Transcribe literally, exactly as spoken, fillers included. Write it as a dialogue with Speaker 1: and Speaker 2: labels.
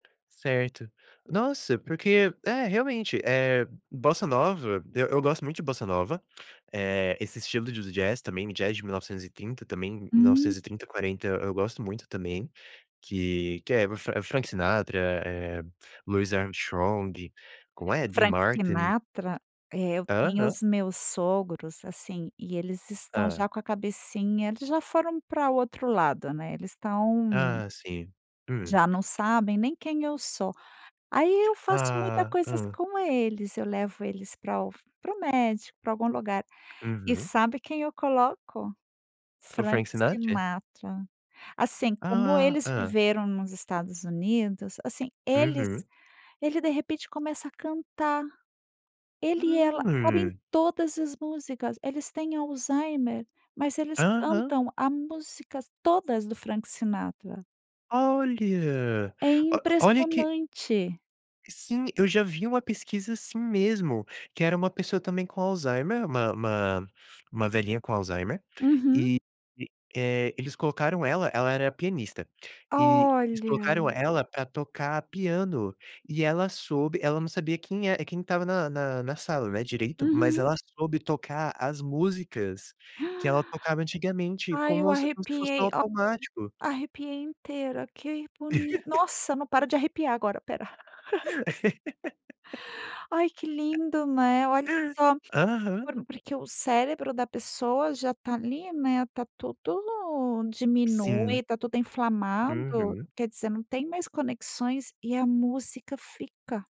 Speaker 1: Certo. Nossa, porque É, realmente, eh, bossa nova, eu eu gosto muito de bossa nova, eh, esse estilo de do jazz também me jazz de mil novecentos e trinta também, mil
Speaker 2: Hum.
Speaker 1: novecentos e trinta, quarenta e eu gosto muito também, que que é o Fran é o Frank Sinatra, eh, Luiz Ernstrong, "como é?" Dee
Speaker 2: Frank
Speaker 1: Martin.
Speaker 2: Sinatra, eh, eu via
Speaker 1: Aham.
Speaker 2: os meus sogros, assim, e eles estão
Speaker 1: Hã.
Speaker 2: já com a cabecinha eles já foram para o outro lado, né. Eles estão
Speaker 1: Ah, sim. Hum.
Speaker 2: já não sabem nem quem eu sou. Aí, eu faço muita
Speaker 1: Ah,
Speaker 2: coisas
Speaker 1: hã.
Speaker 2: com eles. Eu levo eles para o para o médico, para algum lugar e
Speaker 1: Uhum.
Speaker 2: sabe quem eu coloco?
Speaker 1: O
Speaker 2: Frank
Speaker 1: Frank Sinatra?
Speaker 2: Sinatra. Assim, como
Speaker 1: Ah
Speaker 2: eles
Speaker 1: hã.
Speaker 2: viveram nos Estados Unidos, assim, eles
Speaker 1: Uhum.
Speaker 2: ele de repente começa a cantar. Ele e ela sabem
Speaker 1: Hum.
Speaker 2: todas as músicas. Eles têm Alzheimer, mas eles
Speaker 1: Aham.
Speaker 2: cantam a músicas todas do Frank Sinatra.
Speaker 1: Olha,
Speaker 2: É
Speaker 1: o olha que
Speaker 2: impressionante!
Speaker 1: Sim, eu já vi uma pesquisa assim mesmo, que era uma pessoa também com Alzheimer, uma uma uma velhinha com Alzheimer,
Speaker 2: Uhum.
Speaker 1: e e, eh, eles colocaram ela ela era pianista, e eles colocaram
Speaker 2: Olha.
Speaker 1: ela para tocar piano e ela soube, ela não sabia quem é quem estava na na na sala né, direito, mas
Speaker 2: Uhum.
Speaker 1: ela soube tocar as músicas que ela tocava antigamente,
Speaker 2: Ai, eu
Speaker 1: como se fosse no
Speaker 2: arrepiei, [unintelligible]
Speaker 1: automático.
Speaker 2: arrepiei inteira. Que boni nossa, não paro de arrepiar agora, espera. Ai, que lindo, né, olha só,
Speaker 1: Aham.
Speaker 2: por porque o cérebro da pessoa já tá ali, né, tá tudo no
Speaker 1: Sim.
Speaker 2: diminui, tá tudo inflamado.
Speaker 1: Uhum.
Speaker 2: Quer dizer, não tem mais conexões e a música fica.